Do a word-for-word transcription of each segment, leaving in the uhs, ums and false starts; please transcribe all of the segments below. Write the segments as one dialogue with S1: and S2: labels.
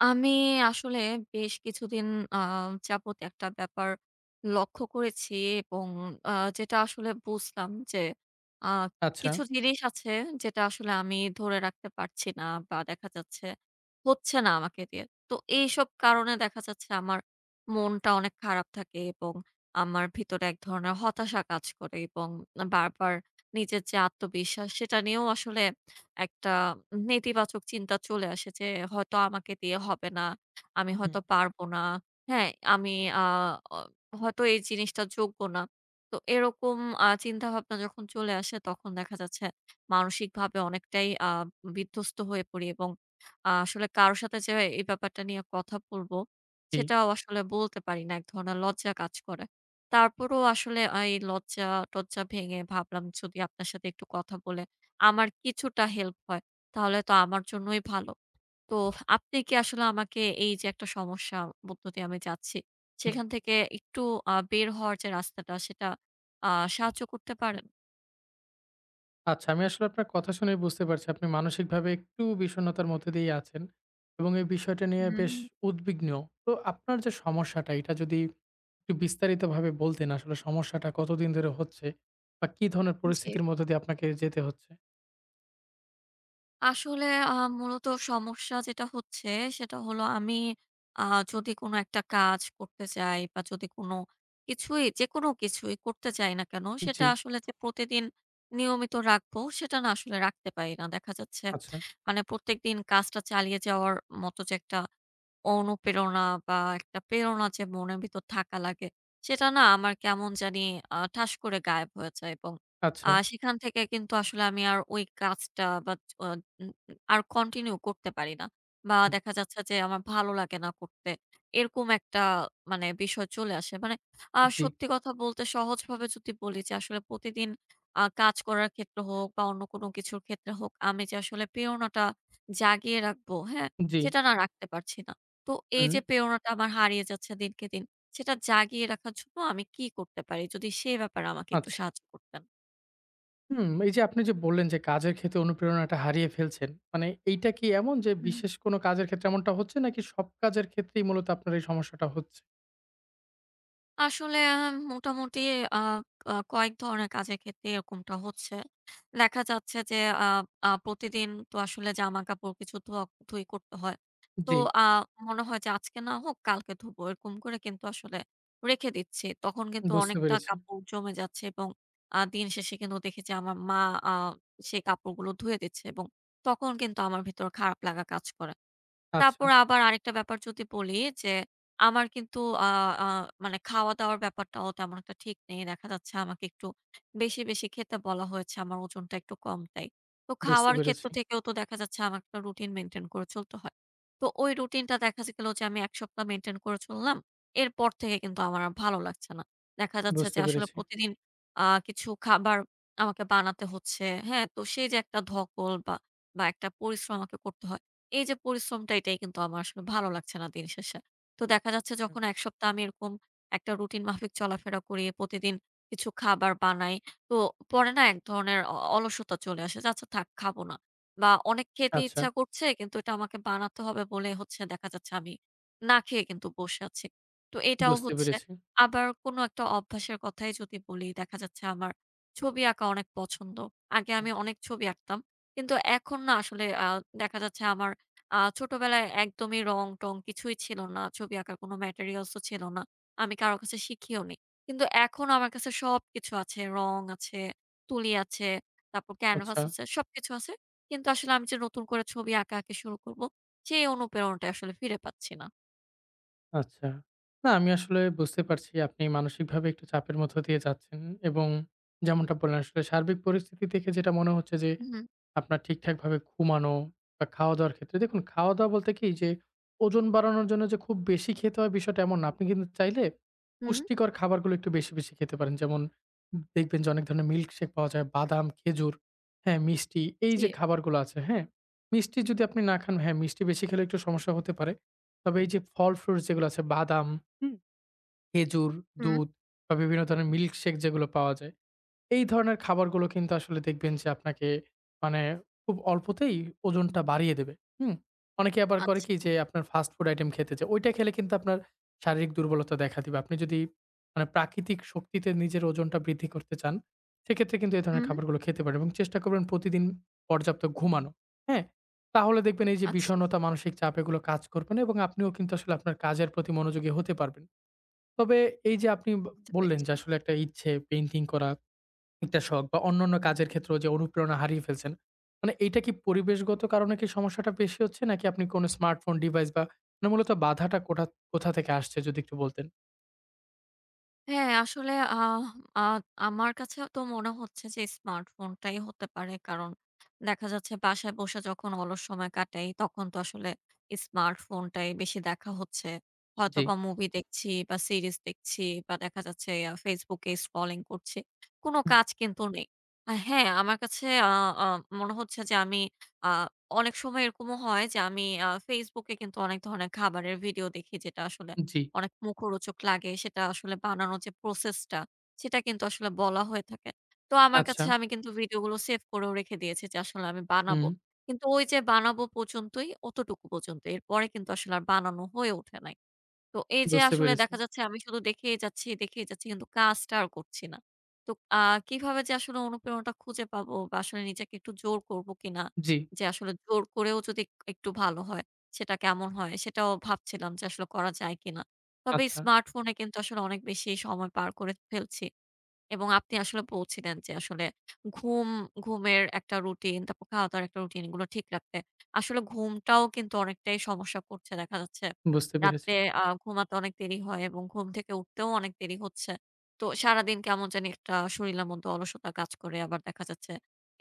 S1: আমি আসলে বেশ কিছুদিন আ যাবত একটা ব্যাপার লক্ষ্য করেছি এবং আ যেটা আসলে বুঝলাম যে, আ কিছু
S2: আচ্ছা।
S1: জিনিস আছে যেটা আসলে আমি ধরে রাখতে পারছিনা বা দেখা যাচ্ছে হচ্ছে না আমাকে দিয়ে। তো এইসব কারণে দেখা যাচ্ছে আমার মনটা অনেক খারাপ থাকে এবং আমার ভেতরে এক ধরনের হতাশা কাজ করে এবং বারবার নিজের যে আত্মবিশ্বাস সেটা নিয়েও আসলে একটা নেতিবাচক চিন্তা চলে আসে যে, হয়তো আমাকে দিয়ে হবেনা, আমি
S2: হুম।
S1: হয়তো পারব না। হ্যাঁ? আমি আ অ হয়তো এই জিনিসটা যোগ্য না। তো এরকম -আ চিন্তাভাবনা যখন চলে আসে তখন দেখা যাচ্ছে মানসিকভাবে অনেকটাই আ বিধ্বস্ত হয়ে পড়ি এবং আ আসলে কারো সাথে যে এই ব্যাপারটা নিয়ে কথা বলব,
S2: ঠিক।
S1: সেটাও আসলে বলতে পারি না এক ধরনের লজ্জা কাজ করে। তারপরেও আসলে এই লজ্জাটজ্জা ভেঙে ভাবলাম যদি আপনার সাথে একটু কথা বলে আমার কিছুটা হেল্প হয়, তাহলে তো আমার জন্যই ভালো। তো আপনি কি আসলে আমাকে এইযে একটা সমস্যা মধ্য দিয়ে আমি যাচ্ছি,
S2: হুম।
S1: সেখান থেকে একটু আ বের হওয়ার যে রাস্তাটা সেটা আ সাহায্য করতে পারেন।
S2: আচ্ছা, আমি আসলে আপনার কথা শুনেই বুঝতে পারছি, আপনি মানসিকভাবে একটু বিষণ্ণতার মধ্য দিয়ে আছেন। এবং এই বিষয়টা নিয়ে বেশ
S1: হুম।
S2: উদ্বিগ্ন। তো আপনার যে সমস্যাটা এটা যদি একটু বিস্তারিতভাবে বলতেন আসলে সমস্যাটা কতদিন ধরে হচ্ছে বা কি ধরনের
S1: জি।
S2: পরিস্থিতির মধ্যে দিয়ে আপনাকে যেতে হচ্ছে।
S1: আসলে আ মূলত সমস্যা যেটা হচ্ছে সেটা হলো আমি আ যদি কোন একটা কাজ করতে চাই বা, যদি কোন কিছুই যেকোনো কিছুই করতে চাই না কেন, সেটা
S2: জি।
S1: আসলে যে প্রতিদিন নিয়মিত রাখবো সেটা না আসলে রাখতে পারি না। দেখা যাচ্ছে
S2: আচ্ছা।
S1: মানে প্রত্যেকদিন কাজটা চালিয়ে যাওয়ার মত যে একটা অনুপ্রেরণা বা, একটা প্রেরণা যে মনের ভিতর থাকা লাগে, সেটা না আমার কেমন জানি আ ঠাস করে গায়েব হয়ে যায় এবং আ
S2: আচ্ছা।
S1: সেখান থেকে কিন্তু আসলে আমি আর ওই কাজটা, but O uh uh R continue করতে পারি না। বা
S2: হুম।
S1: দেখা যাচ্ছে যে আমার ভালো লাগে না করতে। এরকম একটা মানে বিষয় চলে আসে। মানে আ
S2: জি।
S1: সত্যি কথা বলতে সহজভাবে যদি বলি যে আসলে প্রতিদিন আ কাজ করার ক্ষেত্রে হোক বা অন্য কোন কিছুর ক্ষেত্রে হোক আমি যে আসলে প্রেরণাটা জাগিয়ে রাখবো, হ্যাঁ?
S2: জি।
S1: সেটা না রাখতে পারছি না। তো এই যে
S2: হুম।
S1: প্রেরণাটা আমার হারিয়ে যাচ্ছে দিনকে দিন সেটা জাগিয়ে রাখার জন্য আমি কি করতে পারি যদি সে ব্যাপারে আমাকে একটু
S2: আচ্ছা।
S1: সাহায্য করতেন?
S2: হুম, এই যে আপনি যে বললেন যে কাজের ক্ষেত্রে অনুপ্রেরণাটা হারিয়ে ফেলছেন। মানে এইটা কি এমন যে
S1: হুম।
S2: বিশেষ কোন কাজের ক্ষেত্রে এমনটা হচ্ছে নাকি সব কাজের ক্ষেত্রেই মূলত আপনার এই সমস্যাটা হচ্ছে?
S1: আসলে আম মোটামুটি আ ক কয়েক ধরনের কাজের ক্ষেত্রে এরকমটা হচ্ছে। দেখা যাচ্ছে যে আ আ প্রতিদিন তো আসলে জামাকাপড় কিছু ধোয়াক ধুয়ি করতে হয়। তো
S2: জ্বী।
S1: আ মনে হয় যে আজকে না হোক কালকে ধোবো। এরকম করে কিন্তু আসলে রেখে দিচ্ছি। তখন কিন্তু
S2: বুঝতে
S1: অনেকটা
S2: পেরেছি।
S1: কাপড় জমে যাচ্ছে এবং আ দিন শেষে কিন্তু দেখি যে আমার মা আ সেই কাপড়গুলো ধুয়ে দিচ্ছে এবং তখন কিন্তু আমার ভেতর খারাপ লাগা কাজ করে। তারপর
S2: আচ্ছা।
S1: আবার আরেকটা ব্যাপার যদি বলি যে, আমার কিন্তু আ আ মানে খাওয়া দাওয়ার ব্যাপারটাও তেমন একটা ঠিক নেই। দেখা যাচ্ছে আমাকে একটু বেশি, বেশি খেতে বলা হয়েছে আমার ওজনটা একটু কম তাই। তো
S2: বুঝতে
S1: খাওয়ার ক্ষেত্র
S2: পেরেছি।
S1: থেকেও তো দেখা যাচ্ছে আমার কোনো রুটিন মেইনটেইন করে চলতে হয়। তো ওই রুটিনটা দেখা যে গেল যে আমি এক সপ্তাহ মেইনটেইন করে চললাম। এরপর থেকে কিন্তু আমার আর ভালো লাগছে না। দেখা যাচ্ছে যে
S2: বুঝতে
S1: আসলে
S2: পেরেছি।
S1: প্রতিদিন আ কিছু খাবার আমাকে বানাতে হচ্ছে। হ্যাঁ? তো সেই যে একটা ধকল বা বা একটা পরিশ্রম আমাকে করতে হয়। এই যে পরিশ্রমটা এটাই কিন্তু আমার আসলে ভালো লাগছে না দিনশেষে। তো দেখা যাচ্ছে
S2: হুম।
S1: যখন এক সপ্তাহ আমি এরকম একটা রুটিন মাফিক চলাফেরা করি প্রতিদিন কিছু খাবার বানাই। তো পরে না এক ধরনের অ অলসতা চলে আসে। যে আচ্ছা থাক, খাবো না। না অনেক খেতে
S2: আচ্ছা।
S1: ইচ্ছা করছে কিন্তু এটা আমাকে বানাতে হবে বলেই হচ্ছে দেখা যাচ্ছে আমি না খেয়েই কিন্তু বসে আছি। তো এটাও
S2: বুঝতে
S1: হচ্ছে
S2: পেরেছি।
S1: আবার কোন একটা অভ্যাস কথাই যদি বলি, দেখা যাচ্ছে আমার ছবি আঁকা অনেক পছন্দ। আগে আমি
S2: হুম।
S1: অনেক ছবি আঁকতাম। কিন্তু এখন না আসলে আ দেখা যাচ্ছে আমার আ ছোটবেলায় একদমই রং টং কিছুই ছিল না। ছবি আঁকার কোনো ম্যাটেরিয়ালস ও ছিল না। আমি কারো কাছে শিখিও নেই। কিন্তু এখন আমার কাছে সবকিছু আছে, রং আছে, তুলি আছে, তারপর ক্যানভাস
S2: আচ্ছা।
S1: আছে, সবকিছু আছে। কিন্তু আসলে আমি যে নতুন করে ছবি আঁকাআঁকি শুরু করব সেই অনুপ্রেরণাটাই আসলে ফিরে পাচ্ছি না।
S2: আচ্ছা। না আমি আসলে বুঝতে পারছি আপনি মানসিকভাবে একটু চাপের মধ্যে দিয়ে যাচ্ছেন। এবং যেমনটা বললেন আসলে সার্বিক পরিস্থিতি দেখে যেটা মনে হচ্ছে যে
S1: হুম।
S2: আপনার ঠিকঠাকভাবে ঘুমানো বা, খাওয়া-দাওয়ার ক্ষেত্রে দেখুন -দাওয়া বলতে কি যে ওজন বাড়ানোর জন্য যে খুব বেশি খেতে হবে বিষয়টা এমন না। আপনি কিন্তু চাইলে
S1: হুম।
S2: পুষ্টিকর খাবারগুলো একটু বেশি, বেশি খেতে পারেন। যেমন দেখবেন যে অনেক ধরনের মিল্কশেক পাওয়া যায়। বাদাম, খেজুর, হ্যাঁ? মিষ্টি এই যে
S1: জী।
S2: খাবারগুলো আছে, হ্যাঁ? মিষ্টি যদি আপনি না খান, হ্যাঁ মিষ্টি বেশি খেলে একটু সমস্যা হতে পারে। তবে এই যে ফল ফ্রুটস যেগুলো আছে বাদাম হুম? খেজুর,
S1: হুম।
S2: দুধ বা বিভিন্ন ধরনের মিল্কশেক যেগুলো পাওয়া যায়। এই ধরনের খাবারগুলো কিন্তু আসলে দেখবেন যে আপনাকে মানে খুব অল্পতেই ওজনটা বাড়িয়ে দেবে। হুম। অনেকে আবার করে
S1: আচ্ছা।
S2: কি যে আপনার ফাস্ট ফুড আইটেম খেতে চায়। ঐটা খেলে কিন্তু আপনার শারীরিক দুর্বলতা দেখা দিবে। আপনি যদি মানে প্রাকৃতিক শক্তিতে নিজের ওজনটা বৃদ্ধি করতে চান, সেক্ষেত্রে কিন্তু এ ধরনের
S1: হুম।
S2: খাবারগুলো খেতে পারেন এবং চেষ্টা করবেন প্রতিদিন পর্যাপ্ত ঘুমানো। হ্যাঁ? তাহলে দেখবেন এই যে
S1: আচ্ছা।
S2: বিষণ্ণতা, মানসিক চাপ এগুলো কাজ করবে না এবং আপনিও কিন্তু আসলে আপনার কাজের প্রতি মনোযোগী হতে পারবেন। তবে এই যে আপনি ব
S1: বুঝতে
S2: বললেন
S1: পেরেছি।
S2: যে আসলে একটা ইচ্ছে পেইন্টিং করা। একটা শখ বা অন্যান্য কাজের ক্ষেত্রেও যে অনুপ্রেরণা হারিয়ে ফেলছেন। মানে এইটা কি পরিবেশগত কারণে কি সমস্যাটা বেশি হচ্ছে নাকি আপনি কোন স্মার্টফোন ডিভাইস না মূলত বাধাটা কোটা কোথা থেকে আসছে যদি একটু বলতেন।
S1: হ্যাঁ, আসলে আহ আ আমার কাছেও তো মনে হচ্ছে যে স্মার্টফোনটাই হতে পারে। কারণ দেখা যাচ্ছে বাসায় বসে যখন অলস সময় কাটাই তখন তো আসলে স্মার্টফোনটাই বেশি দেখা হচ্ছে।
S2: জি।
S1: হয়তোবা মুভি দেখছি বা সিরিজ দেখছি বা দেখা যাচ্ছে আ ফেসবুকে স্ক্রলিং করছি. কোন
S2: হুম।
S1: কাজ কিন্তু নেই। আ হ্যাঁ, আমার কাছে আ আ মনে হচ্ছে যে আমি আ অনেক সময় এরকমও হয় যে আমি আ ফেসবুকে এ কিন্তু অনেক ধরনের খাবারের ভিডিও দেখি যেটা আসলে
S2: জি।
S1: অনেক মুখরোচক লাগে সেটা আসলে বানানোর যে প্রসেসটা সেটা কিন্তু আসলে বলা হয়ে থাকে। তো আমার
S2: আচ্ছা।
S1: কাছে আমি কিন্তু ভিডিওগুলো সেভ করেও রেখে দিয়েছি যে আসলে আমি বানাবো।
S2: হুম।
S1: কিন্তু ওই যে বানাবো পর্যন্তই অতটুকু পর্যন্তই এরপরে কিন্তু আসলে আর বানানো হয়ে ওঠে নাই। তো এই যে
S2: বুঝতে
S1: আসলে
S2: পেরেছি।
S1: দেখা যাচ্ছে আমি শুধু দেখেই যাচ্ছি, দেখেই যাচ্ছি কিন্তু কাজটা আর করছি না। তো আ কিভাবে যে আসলে অনুপ্রেরণাটা খুঁজে পাবো বা আসলে নিজেকে একটু জোর করব কিনা!
S2: জি।
S1: যে আসলে জোর করেও যদি এক একটু ভালো হয়, সেটা কেমন হয়? সেটাও ভাবছিলাম যে আসলে করা যায় কিনা? তবে
S2: আচ্ছা।
S1: স্মার্টফোনে কিন্তু আসলে অনেক বেশি সময় পার করে ফেলছি এবং আপনি আসলে বলছিলেন যে আসলে ঘুম ঘুমের একটা রুটিন, তারপর খাওয়া-দাওয়ার একটা রুটিনগুলো ঠিক রাখতে। আসলে ঘুমটাও কিন্তু অনেকটাই সমস্যা করছে দেখা যাচ্ছে
S2: বুঝতে পেরেছি।
S1: রাতে আ ঘুমাতে অনেক দেরি হয় এবং ঘুম থেকে উঠতেও অনেক দেরি হচ্ছে। তো সারাদিন কেমন জানি একটা শরীলের মধ্যে অলসতা কাজ করে আবার দেখা যাচ্ছে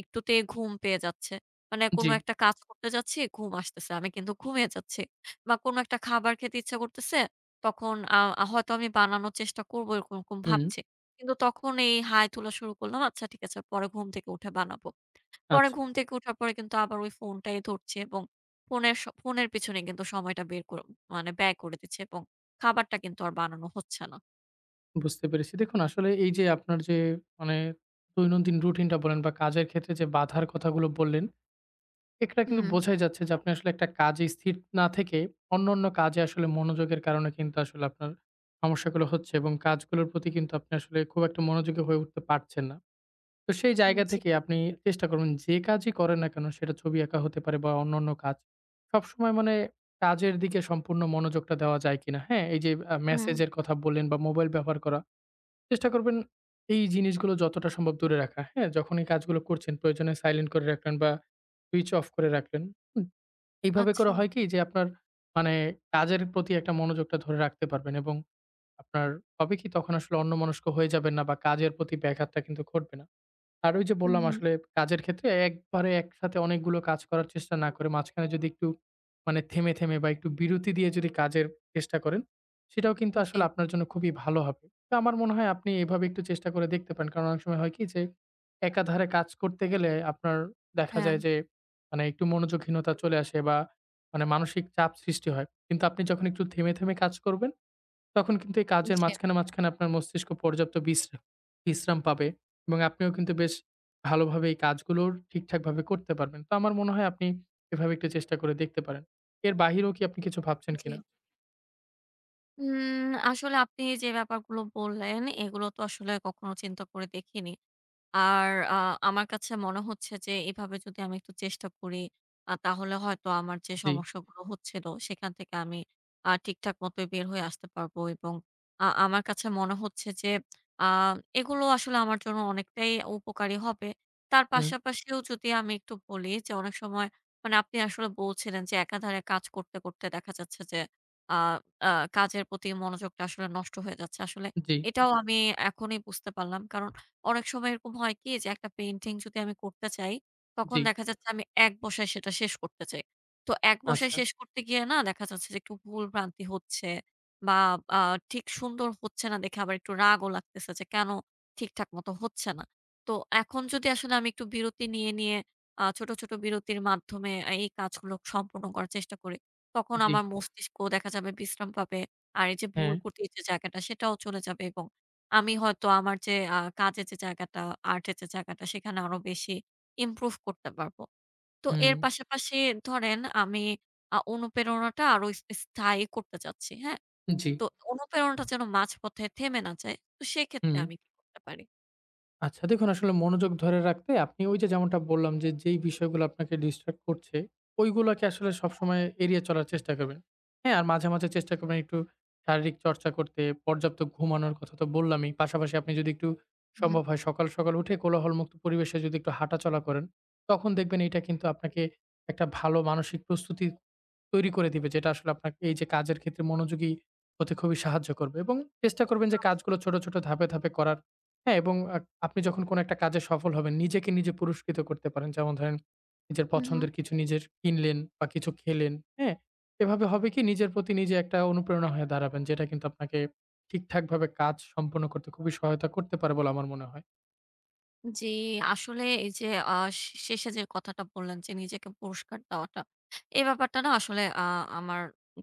S1: একটুতেই ঘুম পেয়ে যাচ্ছে। মানে কোন
S2: জি।
S1: একটা কাজ করতে যাচ্ছি ঘুম আসতেছে, আমি কিন্তু ঘুমিয়ে যাচ্ছি। বা কোন একটা খাবার খেতে ইচ্ছা করতেছে তখন আ আ হয়তো আমি বানানোর চেষ্টা করবো এরকম, এরকম
S2: হুম।
S1: ভাবছি। কিন্তু তখন এই হাই তোলা শুরু করলাম, আচ্ছা ঠিক আছে পরে ঘুম থেকে উঠে বানাবো। পরে
S2: আচ্ছা।
S1: ঘুম থেকে উঠার পরে কিন্তু আবার ফোনটাই ধরছি এবং ফোনের স ফোনের পেছনে কিন্তু সময়টা বের করে মানে ব্যয় করে দিচ্ছি এবং খাবারটা কিন্তু আর বানানো হচ্ছে না।
S2: বুঝতে পেরেছি। দেখুন আসলে এই যে আপনার যে মানে দৈনন্দিন রুটিনটা বলেন বা কাজের ক্ষেত্রে যে বাধার কথাগুলো বললেন। এখানে কিন্তু
S1: হুম।
S2: বোঝাই যাচ্ছে যে আপনি আসলে একটা কাজেই স্থির না থেকে অন্যান্য কাজে আসলে মনোযোগের কারণে কিন্তু আসলে আপনার সমস্যাগুলো হচ্ছে এবং কাজগুলোর প্রতি কিন্তু আপনি আসলে খুব একটা মনোযোগী হয়ে উঠতে পারছেন না। তো সেই জায়গা
S1: জ্বী।
S2: থেকে আপনি চেষ্টা করবেন যে কাজই করেন না কেন সেটা ছবি আঁকা হতে পারে বা অন্যান্য কাজ। সবসময় মানে কাজের দিকে সম্পূর্ণ মনোযোগটা দেওয়া যায় কিনা? হ্যাঁ, এই আ
S1: হুম।
S2: মেসেজের কথা বললেন বা মোবাইল ব্যবহার করা। চেষ্টা করবেন এই জিনিসগুলো যতটা সম্ভব দূরে রাখা। হ্যাঁ যখন এই কাজগুলো করছেন প্রয়োজনে সাইলেন্ট করে রাখলেন বা সুইচ অফ করে রাখলেন, হুম। এইভাবে করে
S1: আচ্ছা
S2: হয় কি যে আপনার মানে কাজের প্রতি একটা মনোযোগটা ধরে রাখতে পারবেন এবং আপনার হবে কি তখন আসলে অন্যমনস্ক হয়ে যাবেন না বা কাজের প্রতি ব্যাঘাতটা কিন্তু ঘটবে না। আর ওই যে
S1: হুম,
S2: বললাম
S1: হুম।
S2: আসলে কাজের ক্ষেত্রে একবারে একসাথে অনেকগুলো কাজ করার চেষ্টা না করে মাঝখানে যদি একটু মানে থেমে, থেমে বা একটু বিরতি দিয়ে যদি কাজের চেষ্টা করেন সেটাও কিন্তু
S1: জ্বী।
S2: আসলে আপনার জন্য খুবই ভালো হবে। তো আমার মনে হয় আপনি এভাবে একটু চেষ্টা করে দেখতে পারেন। কারণ অনেক সময় হয় কি যে একাধারে কাজ করতে গেলে আপনার দেখা যায়
S1: হ্যাঁ।
S2: যে মানে একটু মনোযোগহীনতা চলে আসে বা মানে মানসিক চাপ সৃষ্টি হয়। কিন্তু আপনি যখন একটু থেমে, থেমে কাজ করবেন তখন কিন্তু এই কাজের
S1: জ্বী।
S2: মাঝখানে, মাঝখানে আপনার মস্তিষ্ক পর্যাপ্ত বিশ্রা বিশ্রাম পাবে। এবং আপনিও কিন্তু বেশ ভালোভাবে এই কাজগুলোর ঠিকঠাকভাবে করতে পারবেন। তো আমার মনে হয় আপনি এভাবে একটু চেষ্টা করে দেখতে পারেন। এর বাহিরেও কি আপনি কিছু ভাবছেন কিনা?
S1: জ্বী। উম আসলে আপনি যে ব্যাপারগুলো বললেন এগুলো তো আসলে কখনো চিন্তা করে দেখিনি। আর আ আমার কাছে মনে হচ্ছে যে এভাবে যদি আমি একটু চেষ্টা করি আ তাহলে হয়তো আমার যে
S2: জি।
S1: সমস্যাগুলো হচ্ছিল সেখান থেকে আমি আ ঠিকঠাক মতোই বের হয়ে আসতে পারবো এবং আ আমার কাছে মনে হচ্ছে যে আ এগুলো আসলে আমার জন্য অনেকটাই উপকারী হবে। তার
S2: হুম।
S1: পাশাপাশিও যদি আমি একটু বলি যে অনেক সময় মানে আপনি আসলে বলছিলেন যে একাধারে কাজ করতে, করতে দেখা যাচ্ছে যে আ আ কাজের প্রতি মনোযোগটা আসলে নষ্ট হয়ে যাচ্ছে আসলে
S2: জি।
S1: এটাও আমি এখনই বুঝতে পারলাম। কারণ অনেক সময় এরকম হয় কি যে একটা পেইন্টিং যদি আমি করতে চাই তখন
S2: জি।
S1: দেখা যাচ্ছে আমি এক বসায় সেটা শেষ করতে চাই। তো এক বসায়
S2: আচ্ছা।
S1: শেষ করতে গিয়ে না দেখা যাচ্ছে যে একটু ভুল-ভ্রান্তি হচ্ছে বা, আ ঠিক সুন্দর হচ্ছে না দেখে আবার একটু রাগও লাগতেছে, যে কেন ঠিকঠাক মতো হচ্ছে না? তো এখন যদি আসলে আমি একটু বিরতি নিয়ে, নিয়ে আ ছোট, ছোট বিরতির মাধ্যমে আ এই কাজগুলো সম্পূর্ণ করার চেষ্টা করি তখন
S2: জি।
S1: আমার মস্তিষ্ক দেখা যাবে বিশ্রাম পাবে আর এই যে ভুল
S2: হ্যাঁ।
S1: করতে যে জায়গাটা সেটাও চলে যাবে। এবং আমি হয়তো আমার যে আ কাজের যে জায়গাটা, আর্টের যে জায়গাটা সেখানে আরো বেশি ইমপ্রুভ করতে পারবো। তো এর
S2: হুম।
S1: পাশাপাশি ধরেন আমি আ অনুপ্রেরণাটা আরো স স্থায়ী করতে চাচ্ছি, হ্যাঁ?
S2: জি।
S1: তো অনুপ্রেরণাটা যেন মাঝপথে থেমে না যায়, তো সেক্ষেত্রে
S2: হুম।
S1: আমি কি করতে পারি?
S2: আচ্ছা, দেখুন আসলে মনোযোগ ধরে রাখতে আপনি ওই যে যেমনটা বললাম যে যেই বিষয়গুলো আপনাকে ডিস্ট্রাক্ট করছে ঐগুলাকে আসলে
S1: হ্যাঁ।
S2: সবসময় এড়িয়ে চলার চেষ্টা করবেন, হ্যাঁ? আর মাঝে, মাঝে চেষ্টা করবেন একটু শারীরিক চর্চা করতে পর্যাপ্ত ঘুমানোর কথা তো বললামই পাশাপাশি আপনি যদি একটু
S1: হুম।
S2: সম্ভব হয় সকাল, সকাল উঠে কোলাহলমুক্ত পরিবেশে যদি একটু হাঁটাচলা করেন তখন দেখবেন এটা কিন্তু আপনাকে একটা ভালো মানসিক প্রস্তুতি তৈরি করে দিবে যেটা আসলে আপনাকে এই যে কাজের ক্ষেত্রে মনোযোগী হতে খুবই সাহায্য করবে। এবং চেষ্টা করবেন যে
S1: আচ্ছা।
S2: কাজগুলো ছোট, ছোট ধাপে, ধাপে করার, হ্যাঁ? এবং আ আপনি যখন কোন একটা কাজে সফল হবেন নিজেকে নিজে পুরস্কৃত করতে পারেন যেমন ধরেন নিজের
S1: হুম।
S2: পছন্দের কিছু নিজের কিনলেন বা কিছু খেলেন, হ্যাঁ? এভাবে হবে কি নিজের প্রতি নিজে একটা অনুপ্রেরণা হয়ে দাঁড়াবেন যেটা কিন্তু আপনাকে ঠিকঠাকভাবে কাজ সম্পন্ন করতে খুবই সহায়তা করতে পারে বলে আমার মনে হয়।
S1: জি, আসলে এই যে আ শে শেষে যে কথাটা বললেন যে নিজেকে পুরস্কার দেওয়াটা। এ ব্যাপারটা না আসলে আ আমার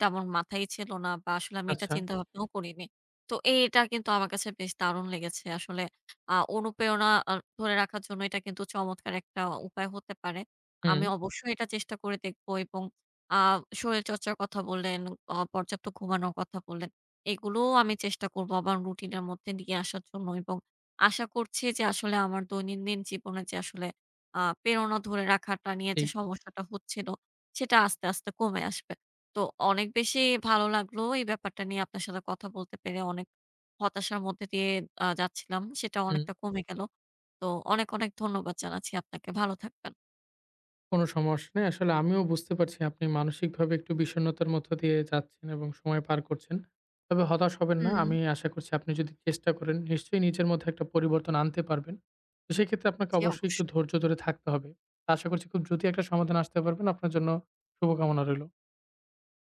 S1: তেমন মাথায় ছিল না বা আসলে আমি এটা
S2: আচ্ছা।
S1: চিন্তাভাবনাও করিনি। তো এ এটা কিন্তু আমার কাছে বেশ দারুণ লেগেছে। আসলে আ অনুপ্রেরণা অ ধরে রাখার জন্য এটা কিন্তু চমৎকার একটা উপায় হতে পারে। আমি
S2: হুম।
S1: অবশ্যই এটা চেষ্টা করে দেখব এবং আ শরীরচর্চার কথা বললেন, অ পর্যাপ্ত ঘুমানোর কথা বললেন এগুলোও আমি চেষ্টা করবো আমার রুটিনের মধ্যে নিয়ে আসার জন্য। এবং আশা করছি যে আসলে আমার দৈনন্দিন জীবনে যে আসলে আ প্রেরণা ধরে রাখাটা নিয়ে যে
S2: জি।
S1: সমস্যাটা হচ্ছিল সেটা আস্তে, আস্তে কমে আসবে। তো অনেক বেশি ভালো লাগলো এই ব্যাপারটা নিয়ে আপনার সাথে কথা বলতে পেরে। অনেক হতাশার মধ্যে দিয়ে আ যাচ্ছিলাম সেটাও
S2: হুম।
S1: অনেকটা কমে গেল। তো অনেক, অনেক ধন্যবাদ জানাচ্ছি আপনাকে, ভালো থাকবেন।
S2: কোন সমস্যা নাই আসলে আমিও বুঝতে পারছি আপনি মানসিকভাবে একটু বিষণ্ণতার মধ্য দিয়ে যাচ্ছেন এবং সময় পার করছেন। তবে হতাশ হবেন না, আমি
S1: হুম।
S2: আশা করছি আপনি যদি চেষ্টা করেন নিশ্চয়ই নিজের মধ্যে একটা পরিবর্তন আনতে পারবেন। তো সেক্ষেত্রে আপনাকে
S1: জি,
S2: অবশ্যই একটু
S1: অবশ্যই।
S2: ধৈর্য ধরে থাকতে হবে। আশা করছি খুব দ্রুতি একটা সমাধানে আসতে পারবেন, আপনার জন্য শুভকামনা রইলো।